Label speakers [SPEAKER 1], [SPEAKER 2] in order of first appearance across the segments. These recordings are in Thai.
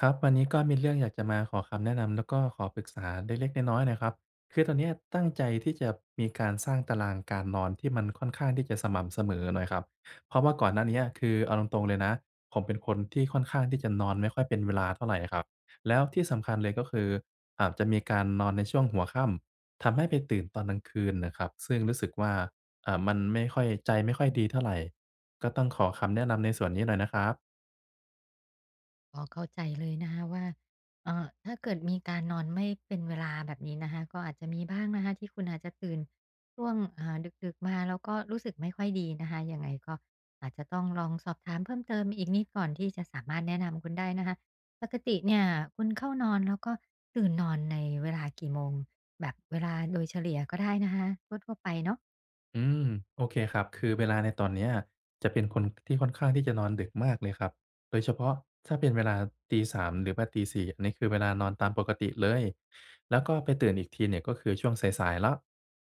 [SPEAKER 1] ครับ วันนี้ก็มีเรื่องอยากจะมาขอคำแนะนำ แล้วก็ขอปรึกษาไดเล็กน้อย ๆ หน่อยครับ คือตอนเนี้ยตั้งใจที่จะมีการสร้างตารางการนอนที่มันค่อนข้างที่จะสม่ำเสมอหน่อยครับ เพราะว่าก่อนหน้าเนี้ย คือเอาตรง ๆ เลยนะ ผมเป็นคนที่ค่อนข้างที่จะนอนไม่ค่อยเป็นเวลาเท่าไรน่ะครับ แล้วที่สำคัญเลยก็คืออาบจะมีการนอนในช่วงหัวค่ำ ทำให้ไปตื่นตอนกลางคืนน่ะครับ ซึ่งรู้สึกว่า อ่า มันไม่ค่อย ใจไม่ค่อยดีเท่าไร ก็ต้องขอคำแนะนำในส่วนนี้หน่อยนะครับ
[SPEAKER 2] อ๋อ เข้าใจเลยนะคะว่า อ่า ถ้าเกิดมีการนอนไม่เป็นเวลาแบบนี้นะคะ ก็อาจจะมีบ้างนะคะที่คุณอาจจะตื่นช่วง อ่า ดึก ๆ มาแล้วก็รู้สึกไม่ค่อยดีนะคะ ยังไงก็อาจจะต้องลองสอบถามเพิ่มเติมอีกนิด ก่อนที่จะสามารถแนะนำคุณได้นะคะ ปกติเนี่ยคุณเข้านอนแล้วก็ตื่นนอนในเวลากี่โมง? แบบเวลาโดยเฉลี่ยก็ได้นะคะ ทั่ว ๆ ไปเนาะ
[SPEAKER 1] อืม โอเค ครับ คือเวลาในตอนเนี้ยจะเป็นคนที่ค่อนข้างที่จะนอนดึกมากเลยครับ โดยเฉพาะถ้าเป็นเวลาตี 3 หรือว่าตี 4 นี้คือเวลานอนตามปกติเลย แล้วก็ไปตื่นอีกทีเนี่ย ก็คือช่วงสาย ๆ แล้ว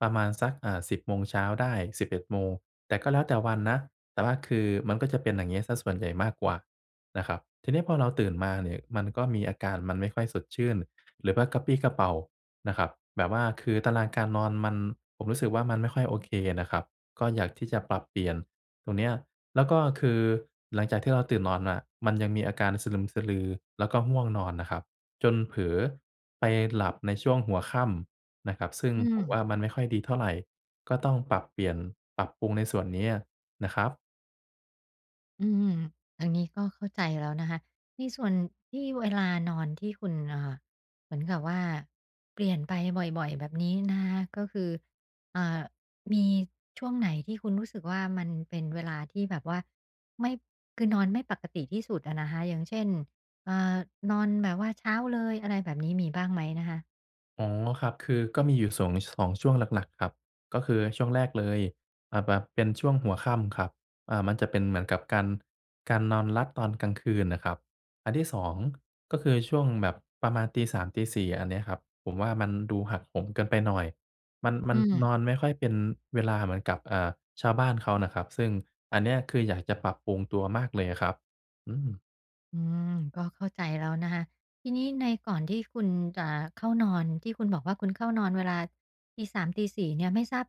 [SPEAKER 1] ประมาณสัก อ่า 10 โมงเช้าได้ 11 โมง แต่ก็แล้วแต่วันนะ แต่ว่าคือมันก็จะเป็นอย่างเงี้ยเสียส่วนใหญ่มากกว่านะครับ ทีเนี้ยพอเราตื่นมานี่มันก็มีอาการ มันไม่ค่อยสดชื่นหรือว่ากระปรี้กระเปร่านะครับ แบบว่าคือตารางการนอนมัน ผมรู้สึกว่า มันไม่ค่อยโอเคอะน่ะครับ ก็อยากที่จะปรับเปลี่ยนตรงเนี้ย แล้วก็คือหลังจากที่เราตื่นนอนน่ะ มันยังมีอาการสะลึมสะลือแล้วก็ง่วงนอนน่ะครับ จนเผลอไปหลับในช่วงหัวค่ำน่ะครับ ซึ่ง
[SPEAKER 2] อื
[SPEAKER 1] ผม
[SPEAKER 2] ม
[SPEAKER 1] ว่า มันไม่ค่อยดีเท่าไร ก็ต้องปรับเปลี่ยน ปรับปรุงในส่วนเนี้ยนะครับ
[SPEAKER 2] อืม อันนี้ก็เข้าใจแล้วนะคะ ในส่วนที่ เวลานอนที่คุณ อ่า เหมือนกับว่าเปลี่ยนไปบ่อย ๆ แบบนี้นะคะ ก็คือ เอ่อ มีช่วงไหนที่คุณรู้สึกว่ามันเป็นเวลาที่แบบว่า ไม่ คือนอนไม่ปกติที่สุดอะนะคะ อย่างเช่น เอ่อ นอนแบบว่าเช้าเลย อะไรแบบนี้ มีบ้างไหมนะคะ?
[SPEAKER 1] อ๋อ ครับ คือก็มีอยู่ 2- 2 ช่วงหลัก ๆ ครับ ก็คือช่วงแรกเลย อ่า แบบเป็นช่วงหัวค่ำครับ อ่า มันจะเป็นเหมือนกับการ การนอนลัดตอนกลางคืนน่ะครับ อันที่ 2 ก็คือช่วงแบบประมาณตี 3 ตี 4 อันเนี้ยครับ ผมว่ามันดูหักโหมเกินไปหน่อย มัน ม
[SPEAKER 2] อ
[SPEAKER 1] ั
[SPEAKER 2] ื
[SPEAKER 1] น
[SPEAKER 2] ม
[SPEAKER 1] นอนไม่ค่อยเป็นเวลาเหมือนกับ อ่า ชาวบ้านเขานะครับ ซึ่งอันเนี้ย คืออยากจะปรับปรุงตัวมากเลยอะครับ อืม
[SPEAKER 2] อืม ก็เข้าใจแล้วนะคะ ทีนี้ในก่อนที่คุณจะเข้านอน ที่คุณบอกว่าคุณเข้านอนเวลาตี 3 ตี 4 เนี่ย ไม่ทราบ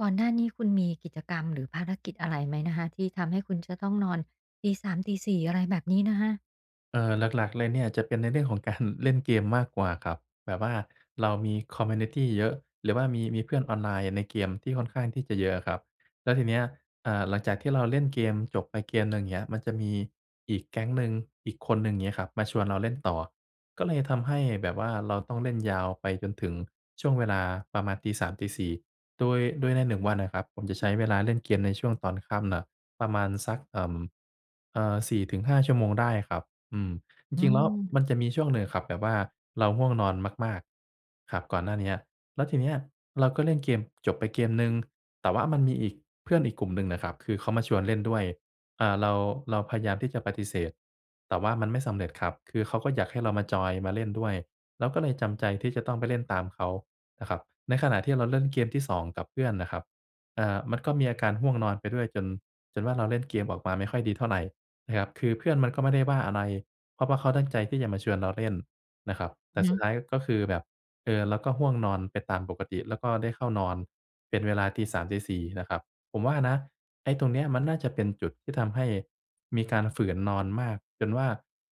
[SPEAKER 2] ก่อนหน้านี้ คุณมีกิจกรรมหรือภารกิจอะไรไหมนะคะ ที่ทำให้คุณจะต้องนอนตี 3 ตี 4 อะไรแบบนี้นะคะ?
[SPEAKER 1] เออ หลัก ๆ เลยเนี่ยจะเป็นในเรื่องของ การ เล่นเกมมากกว่าครับ แบบว่า เรามี คอมมิวนิตี เยอะ หรือว่ามี มีเพื่อนออนไลน์ในเกมที่ค่อนข้างที่จะเยอะอะครับ แล้วทีเนี้ย อ่า หลังจากที่เราเล่นเกมจบไปเกมหนึ่ง เงี้ย มันจะมีอีกแก๊งหนึ่ง อีกคนหนึ่ง งี้ครับ มาชวนเราเล่นต่อ ก็เลยทำให้แบบว่าเราต้องเล่นยาวไปจนถึงช่วงเวลาประมาณตี 3 ตี 4 โดย โดยในหนึ่งวันน่ะครับผมจะใช้เวลาเล่นเกมในช่วงตอนค่ำน่ะประมาณสัก เอ่อ เอ่อ 4-5 ชั่วโมงได้ครับ อืม จ
[SPEAKER 2] อื
[SPEAKER 1] ริง ๆ แล้ว
[SPEAKER 2] ม
[SPEAKER 1] มันจะมีช่วงหนึ่งอะครับแบบว่าเราง่วงนอนมาก ๆ ครับ ก่อนหน้าเนี้ย แล้วทีเนี้ยเราก็เล่นเกมจบไปเกมหนึ่ง แต่ว่ามันมีอีก เพื่อนอีกกลุ่มหนึ่งน่ะครับคือเขามาชวนเล่นด้วย อ่า เรา เราพยายามที่จะปฏิเสธ แต่ว่ามันไม่สำเร็จครับ คือเขาก็อยากให้เรามาจอย มาเล่นด้วย เราก็เลยจำใจที่จะต้องไปเล่นตามเขาน่ะครับ ในขณะที่เราเล่นเกมที่ 2 กับเพื่อนน่ะครับ เอ่อ มันก็มีอาการห้วงนอนไปด้วย จน จนว่า เราเล่นเกมออกมาไม่ค่อยดีเท่าไรนะครับ คือเพื่อนมันก็ไม่ได้ว่าอะไร เพราะว่าเขาตั้งใจที่จะมาชวนเราเล่นนะครับ แต
[SPEAKER 2] อื
[SPEAKER 1] ่
[SPEAKER 2] อ
[SPEAKER 1] ส
[SPEAKER 2] ฮ
[SPEAKER 1] ุด
[SPEAKER 2] ึ
[SPEAKER 1] ท้ายก็คือแบบ เอ่อ แล้วก็ห้วงนอนไปตามปกติ แล้วก็ได้เข้านอนเป็นเวลาตี 3 ตี 4 น่ะครับ ผมว่านะไอ้ตรงเนี้ยมันน่าจะเป็นจุดที่ทำให้มีการฝืนนอนมาก จนว่า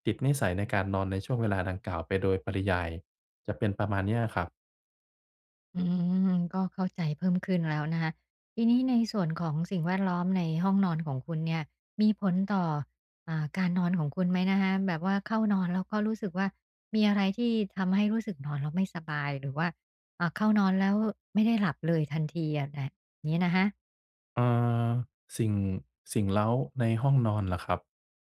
[SPEAKER 1] ติดนิสัยในการนอนในช่วงเวลาดังกล่าวไปโดยปริยาย จะเป็นประมาณนี้อะครับ
[SPEAKER 2] อืม ก็เข้าใจเพิ่มขึ้นแล้วนะคะ ทีนี้ในส่วนของสิ่งแวดล้อมในห้องนอนของคุณเนี่ยมีผลต่อ อ่า การนอนของคุณไหมนะคะ? แบบว่าเข้านอนแล้วก็รู้สึกว่า มีอะไรที่ทำให้รู้สึกนอนแล้วไม่สบาย หรือว่า อ่า เข้านอนแล้วไม่ได้หลับเลยทันทีอะแดะ งี้นะคะ
[SPEAKER 1] อา สิ่ง สิ่งเร้าในห้องนอนเหรอครับ?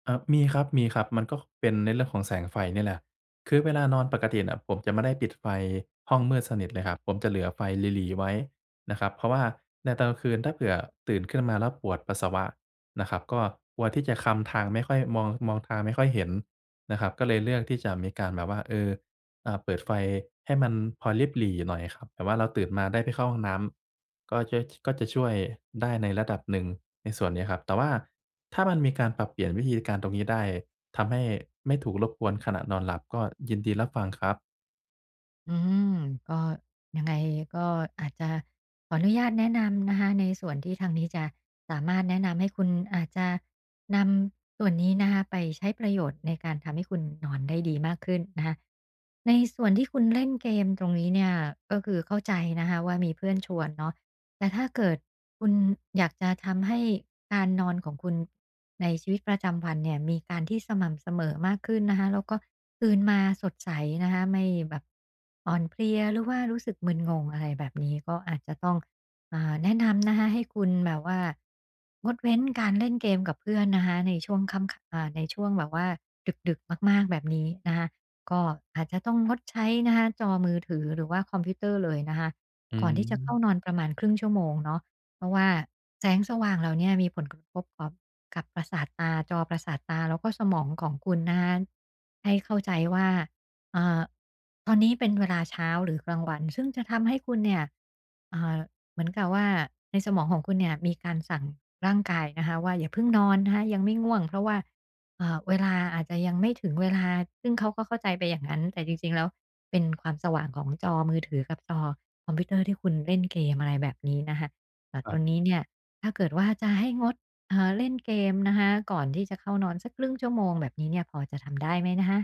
[SPEAKER 1] อะ มีครับ มีครับ มันก็ ค เป็นในเรื่องของแสงไฟนี่แหละ คือเวลานอนปกติเนี่ยผมจะไม่ได้ปิดไฟห้องมืดสนิทเลยครับ ผมจะเหลือไฟหรี่ ๆ ไว้นะครับ เพราะว่าในตอนกลางคืน ถ้าเผื่อตื่นขึ้นมาแล้วปวดปัสสาวะนะครับก็กลัวที่จะคลำทางไม่ค่อย มอง มองทางไม่ค่อยเห็นนะครับ ก็เลยเลือกที่จะมีการแบบว่า เอ่อ อ่า เปิดไฟให้มันพอริบหรี่หน่อยครับ แต่ว่าเราตื่นมาได้ไปเข้าห้องน้ำ ก็จะ ช ก็จะช่วยได้ในระดับหนึ่งในส่วนนี้ครับ แต่ว่าถ้ามันมีการปรับเปลี่ยนวิธีการตรงนี้ได้ ทำให้ไม่ถูกรบกวนขณะนอนหลับ ก็ยินดีรับฟังครับ
[SPEAKER 2] อืม ก็ ยังไงก็อาจจะขออนุญาตแนะนำนะคะในส่วนที่ทางนี้จะสามารถแนะนำให้คุณ อาจจะนำส่วนนี้นะคะไปใช้ประโยชน์ในการทำให้คุณนอนได้ดีมากขึ้นนะคะ ในส่วนที่คุณเล่นเกมตรงนี้เนี่ยก็คือเข้าใจนะคะว่า มีเพื่อนชวนเนาะ แต่ถ้าเกิดคุณอยากจะทำให้การนอนของคุณในชีวิตประจำวันเนี่ยมีการที่สม่ำเสมอมากขึ้นนะคะ แล้วก็ตื่นมาสดใสนะคะ ไม่แบบ อ่อนเพลีย หรือว่ารู้สึกมึนงง อะไรแบบนี้ ก็อาจจะต้อง อ่า แนะนำ นะคะให้คุณแบบว่า งดเว้นการเล่นเกมกับเพื่อนนะคะ ในช่วงค่ำ อ่า ในช่วงแบบว่าดึก ๆ มาก ๆ แบบนี้นะคะ ก็อาจจะต้องงดใช้นะคะจอมือถือ หรือว่าคอมพิวเตอร์เลยนะคะ
[SPEAKER 1] อื
[SPEAKER 2] ก่อนที่จะเข้า
[SPEAKER 1] ม
[SPEAKER 2] นอนประมาณครึ่งชั่วโมงเนาะ เพราะว่าแสงสว่างเหล่าเนี้ยมีผลกระทบต่อ กับประสาทตา จอประสาทตาแล้วก็สมองของคุณนะคะ ให้เข้าใจว่า เอ่อ ตอนนี้เป็นเวลาเช้าหรือกลางวัน ซึ่งจะทำให้คุณเนี่ย เอ่อ เหมือนกับว่า ในสมองของคุณเนี่ยมีการสั่งร่างกายนะคะว่า อย่าเพิ่งนอนนะคะ ยังไม่ง่วง เพราะว่า เอ่อ เวลา อาจจะยังไม่ถึงเวลา ซึ่งเขาก็เข้าใจไปอย่างงั้น แต่จริง ๆ แล้วเป็นความสว่างของจอมือถือกับจอคอมพิวเตอร์ที่คุณเล่นเกม อะไรแบบนี้นะคะ อะ
[SPEAKER 1] ค
[SPEAKER 2] ต
[SPEAKER 1] รั
[SPEAKER 2] อ
[SPEAKER 1] บ
[SPEAKER 2] นนี้เนี่ยถ้าเกิดว่า จะให้งด เอ่อ เล่นเกมนะคะก่อนที่จะเข้านอนสักครึ่งชั่วโมงแบบนี้เนี่ย พอจะทำได้ไหมนะคะ?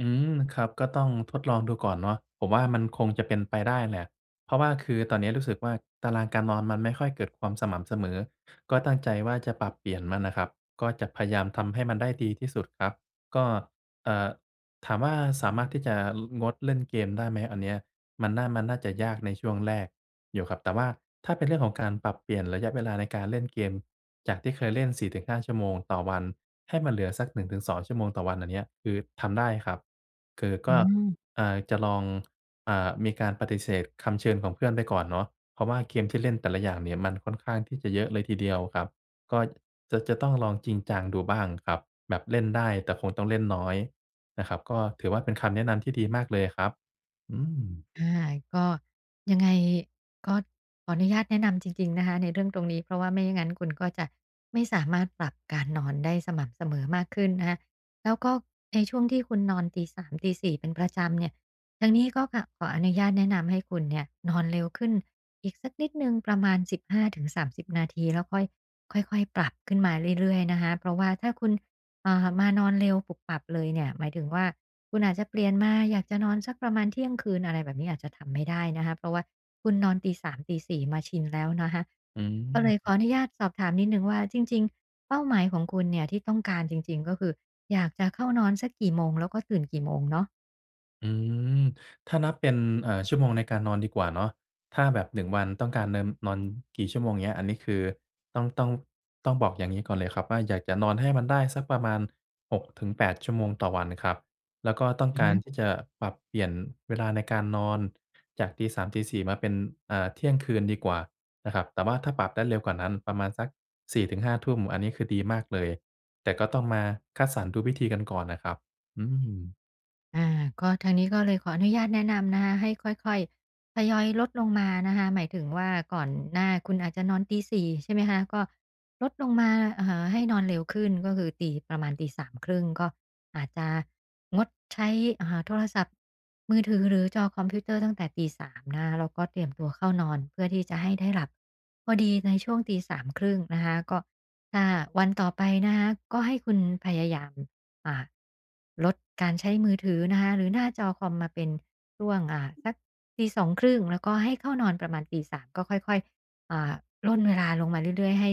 [SPEAKER 1] อืม ครับ ก็ต้องทดลองดูก่อนเนาะ ผมว่า มันคงจะเป็นไปได้แหละ เพราะว่าคือตอนนี้รู้สึกว่า ตารางการนอนมันไม่ค่อยเกิดความสม่ำเสมอ ก็ตั้งใจว่า จะปรับเปลี่ยนมันน่ะครับ ก็จะพยายามทำให้มันได้ดีที่สุดครับ ก็ เอ่อ ถามว่า สามารถที่จะงดเล่นเกมได้ไหม? อันเนี้ยมันน่า มันน่าจะยากในช่วงแรกอยู่ครับ แต่ว่าถ้าเป็นเรื่องของการปรับเปลี่ยนระยะเวลาในการเล่นเกม จากที่เคยเล่น 4-5 ชั่วโมงต่อวัน ให้มันเหลือสัก 1-2 ชั่วโมงต่อวัน อันเนี้ยคือทำได้ครับ คือ
[SPEAKER 2] อ
[SPEAKER 1] ก
[SPEAKER 2] ื
[SPEAKER 1] ็
[SPEAKER 2] ม
[SPEAKER 1] เอ่อ จะลอง เอ่อ มีการปฏิเสธคำเชิญของเพื่อนไปก่อนเนาะ เพราะว่าเกมที่เล่นแต่ละอย่างเนี่ยมันค่อนข้างที่จะเยอะเลยทีเดียวครับ ก็จะ จะต้องลองจริงจังดูบ้างครับ แบบเล่นได้แต่คงต้องเล่นน้อยนะครับ ก็ถือว่า เป็นคำแนะนำที่ดีมากเลยอะครับ อืม
[SPEAKER 2] อ่า ก็ ยังไงก็ขออนุญาตแนะนำจริง ๆ นะคะในเรื่องตรงนี้ เพราะว่าไม่งั้นคุณก็จะไม่สามารถปรับการนอนได้สม่ำเสมอมากขึ้นนะคะ แล้วก็ในช่วงที่คุณนอนตี 3 ตี 4 เป็นประจำเนี่ย ทางนี้ก็ ขะ ขออนุญาตแนะนำให้คุณเนี่ยนอนเร็วขึ้นอีกสักนิดหนึ่ง ประมาณ 15-30 นาที แล้ว ค่อย ค่อย ๆ ปรับขึ้นมาเรื่อย ๆ นะคะ เพราะว่าถ้าคุณ อ่า มานอนเร็วปุบปับเลยเนี่ย หมายถึงว่า คุณอาจจะเปลี่ยนมา อยากจะนอนสักประมาณเที่ยงคืน อะไรแบบนี้ อาจจะทำไม่ได้นะคะ เพราะว่าคุณนอนตี 3 ตี 4 มาชินแล้วนะคะ
[SPEAKER 1] อื
[SPEAKER 2] ก็เลยขอ
[SPEAKER 1] ม
[SPEAKER 2] อนุญาตสอบถามนิดหนึ่งว่า จริง ๆ เป้าหมายของคุณเนี่ยที่ต้องการจริง ๆ ก็คืออยากจะเข้านอนสักกี่โมง? แล้วก็ตื่นกี่โมงเนาะ?
[SPEAKER 1] อือ ถ้านับเป็น เอ่อ ชั่วโมงในการนอนดีกว่าเนาะ ถ้าแบบ 1 วันต้องการเนิน นอนกี่ชั่วโมง อย่างเงี้ย อันนี้คือต้อง ต้อง ต้องบอกอย่างงี้ก่อนเลยครับว่า อยากจะนอนให้มันได้สักประมาณ 6-8 ชั่วโมงต่อวันครับ แล้วก็ต้อง
[SPEAKER 2] อือ
[SPEAKER 1] กา
[SPEAKER 2] ฮ
[SPEAKER 1] ร
[SPEAKER 2] ึ
[SPEAKER 1] ที่จะปรับเปลี่ยนเวลาในการนอน จากตี 3 ตี 4 มาเป็น อ่า เที่ยงคืนดีกว่านะครับ แต่ว่าถ้าปรับได้เร็วกว่านั้นประมาณสัก 4-5 ทุ่ม อันนี้คือดีมากเลย แต่ก็ต้องมาคัดสรรดูวิธีกันก่อนนะครับ อืม
[SPEAKER 2] อ่า ก็ ทางนี้ก็เลยขออนุญาตแนะนำนะคะ ให้ค่อย ๆ ทยอยลดลงมานะคะ หมายถึงว่า ก่อนหน้าคุณอาจจะนอนตี 4:30 ใช่ไหมคะ ก็ลดลงมา อ่า ให้นอนเร็วขึ้น ก็คือตี ประมาณตี 3:30 ก็อาจจะงดใช้ อ่า โทรศัพท์มือถือ หรือจอคอมพิวเตอร์ตั้งแต่ตี 3 นะคะ แล้วก็เตรียมตัวเข้านอน เพื่อที่จะให้ได้หลับพอดีในช่วงตี 3:30 นะคะ ก็ถ้าวันต่อไปนะคะ ก็ให้คุณพยายาม อ่า ลดการใช้มือถือนะคะ หรือหน้าจอคอมมาเป็นช่วง อ่า สักตี 2:30 แล้วก็ให้เข้านอนประมาณตี 3 ก็ค่อย ๆ อ่า ร่นเวลาลงมาเรื่อย ๆ ให้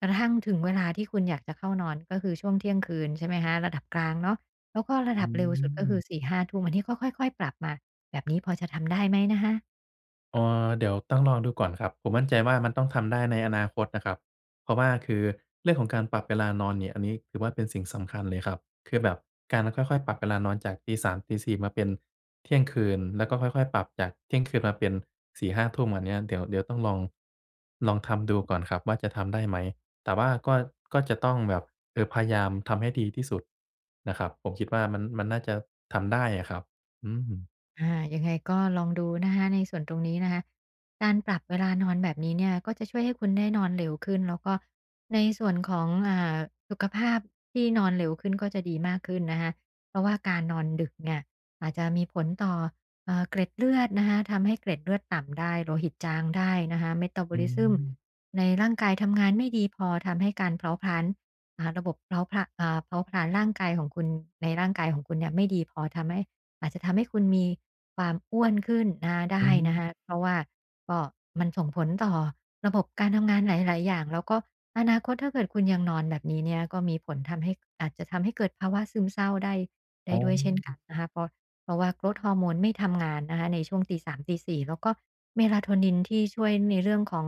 [SPEAKER 2] กระทั่งถึงเวลาที่คุณอยากจะเข้านอน ก็คือช่วงเที่ยงคืน ใช่ไหมคะ ระดับกลางเนาะ แล้วก็ร
[SPEAKER 1] อ
[SPEAKER 2] ะ
[SPEAKER 1] ื
[SPEAKER 2] ดับเร็วสุดก็คือ
[SPEAKER 1] อ
[SPEAKER 2] 4-5 ทุ่ม อันนี้ก็ค่อย ๆ ปรับค่ะ แบบนี้พอจะทำได้ไหมนะคะ?
[SPEAKER 1] เออ เดี๋ยวต้องลองดูก่อนครับ ผมมั่นใจว่ามันต้องทำได้ในอนาคตนะครับ เพราะว่าคือเรื่องของการปรับเวลานอนเนี่ย อันนี้ ถือว่าเป็นสิ่งสำคัญเลยครับ คือแบบการค่อย ๆ ปรับเวลานอนจากตี 3 ตี 4 มาเป็นเที่ยงคืน แล้วก็ค่อย ๆ ปรับจากเที่ยงคืนมาเป็น 4-5 ทุ่ม อันเนี้ย เดี๋ยว เดี๋ยวต้องลอง ลองทำดูก่อนครับว่าจะทำได้ไหม แต่ว่าก็ ก็จะต้องแบบ คือพยายามทำให้ดีที่สุดนะครับ ผมคิดว่ามัน มันน่าจะทำได้อะครับ อืม
[SPEAKER 2] อา ยังไงก็ลองดูนะคะ ในส่วนตรงนี้นะคะ การปรับเวลานอนแบบนี้เนี่ย ก็จะช่วยให้คุณได้นอนเร็วขึ้น แล้วก็ในส่วนของ อ่า สุขภาพที่นอนเร็วขึ้นก็จะดีมากขึ้นนะคะ เพราะว่าการนอนดึกเนี่ยอาจจะมีผลต่อ เอ่อ เกล็ดเลือดนะคะ ทำให้เกล็ดเลือดต่ำได้ โลหิตจางได้นะคะ
[SPEAKER 1] อื
[SPEAKER 2] Metabolism
[SPEAKER 1] ม
[SPEAKER 2] ในร่างกายทำงานไม่ดีพอ ทำให้การเผาผลาญ อ่า ระบบเผาผละ อ่า เผาผลาญร่างกายของคุณ ในร่างกายของคุณเนี่ยไม่ดีพอ ทำให้ อาจจะทำให้คุณมีความอ้วนขึ้นนะคะ ได
[SPEAKER 1] อ
[SPEAKER 2] ้
[SPEAKER 1] ื
[SPEAKER 2] น
[SPEAKER 1] ม
[SPEAKER 2] ะคะ เพราะว่าก็ มันส่งผลต่อระบบการทำงานหลาย ๆ อย่าง แล้วก็อนาคต ถ้าเกิดคุณยังนอนแบบนี้เนี่ย ก็มีผลทำให้ อาจจะทำให้เกิดภาวะซึมเศร้าได้ ได
[SPEAKER 1] อ
[SPEAKER 2] ้
[SPEAKER 1] ๋
[SPEAKER 2] ด้วยเช่นกั
[SPEAKER 1] อ
[SPEAKER 2] นนะคะ เพราะ เพราะว่า Growth Hormone ไม่ทำงานนะคะ ในช่วงตี 3 ตี 4 แล้วก็ Melatonin ที่ช่วยในเรื่องของ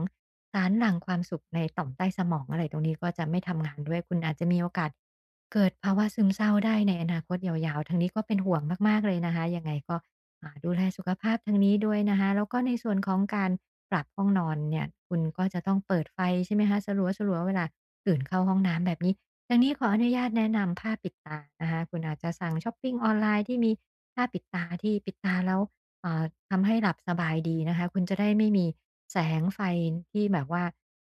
[SPEAKER 2] สารหลั่งความสุขในต่อมใต้สมอง อะไรตรงนี้ ก็จะไม่ทำงานด้วย คุณอาจจะมีโอกาสเกิดภาวะซึมเศร้าได้ในอนาคตยาว ๆ ทางนี้ก็เป็นห่วงมาก ๆ เลยนะคะ ยังไงก็ อ่า ดูแลสุขภาพทางนี้ด้วยนะคะ แล้วก็ในส่วนของการปรับห้องนอนเนี่ย คุณก็จะต้องเปิดไฟ ใช่ไหมคะ สลัว ๆ เวลาตื่นเข้าห้องน้ำแบบนี้ ทางนี้ขออนุญาตแนะนำผ้าปิดตานะคะ คุณอาจจะสั่งชอปปิงออนไลน์ที่มีผ้าปิดตา ที่ปิดตาแล้ว อ่า ทำให้หลับสบายดีนะคะ คุณจะได้ไม่มีแสงไฟที่แบบว่า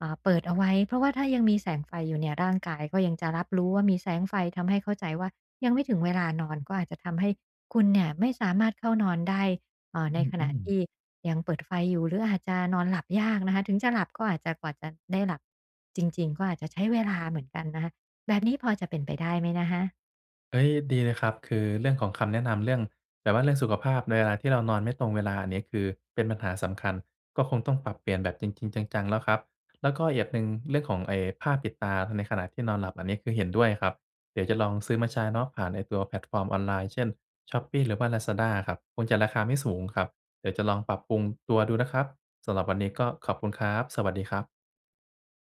[SPEAKER 2] อ่า เปิดเอาไว้ เพราะว่าถ้ายังมีแสงไฟอยู่เนี่ย ร่างกายก็ยังจะรับรู้ว่ามีแสงไฟ ทำให้เข้าใจว่ายังไม่ถึงเวลานอน ก็อาจจะทำให้คุณเนี่ยไม่สามารถเข้านอนได้ เอ่อ ใ
[SPEAKER 1] อ
[SPEAKER 2] นข
[SPEAKER 1] ื
[SPEAKER 2] ณะ
[SPEAKER 1] ม
[SPEAKER 2] ท
[SPEAKER 1] ๆ
[SPEAKER 2] ี่ยังเปิดไฟอยู่ หรืออาจจะนอนหลับยากนะคะ ถึงจะหลับก็อาจจะ กว่าจะได้หลับจริง ๆ ก็อาจจะใช้เวลาเหมือนกันนะคะ แบบนี้พอจะเป็นไปได้ไหมนะคะ?
[SPEAKER 1] เฮ้ย ดีเลยครับ คือเรื่องของคำแนะนำ เรื่อง แบบว่าเรื่องสุขภาพในเวลาที่เรานอนไม่ตรงเวลา อันนี้คือเป็นปัญหาสำคัญ ก็คงต้องปรับเปลี่ยนแบบจริง ๆ จัง ๆ แล้วครับ แล้วก็อีกอย่างหนึ่ง เรื่องของไอ้ผ้าปิดตาในขณะที่นอนหลับ อันนี้ คือเห็นด้วยครับ เดี๋ยวจะลองซื้อมาใช้เนาะ ผ่านไอ้ตัวแพลตฟอร์มออนไลน์ เช่น Shopee หรือว่า Lazada ครับ คงจะราคาไม่สูงครับ เดี๋ยวจะลองปรับปรุงตัวดูนะครับ สำหรับวันนี้ก็ขอบคุณครับ สวัสดีครับ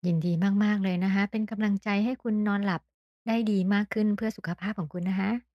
[SPEAKER 2] ยินดีมาก ๆ เลยนะคะ เป็นกำลังใจให้คุณนอนหลับได้ดีมากขึ้น เพื่อสุขภาพของคุณนะคะ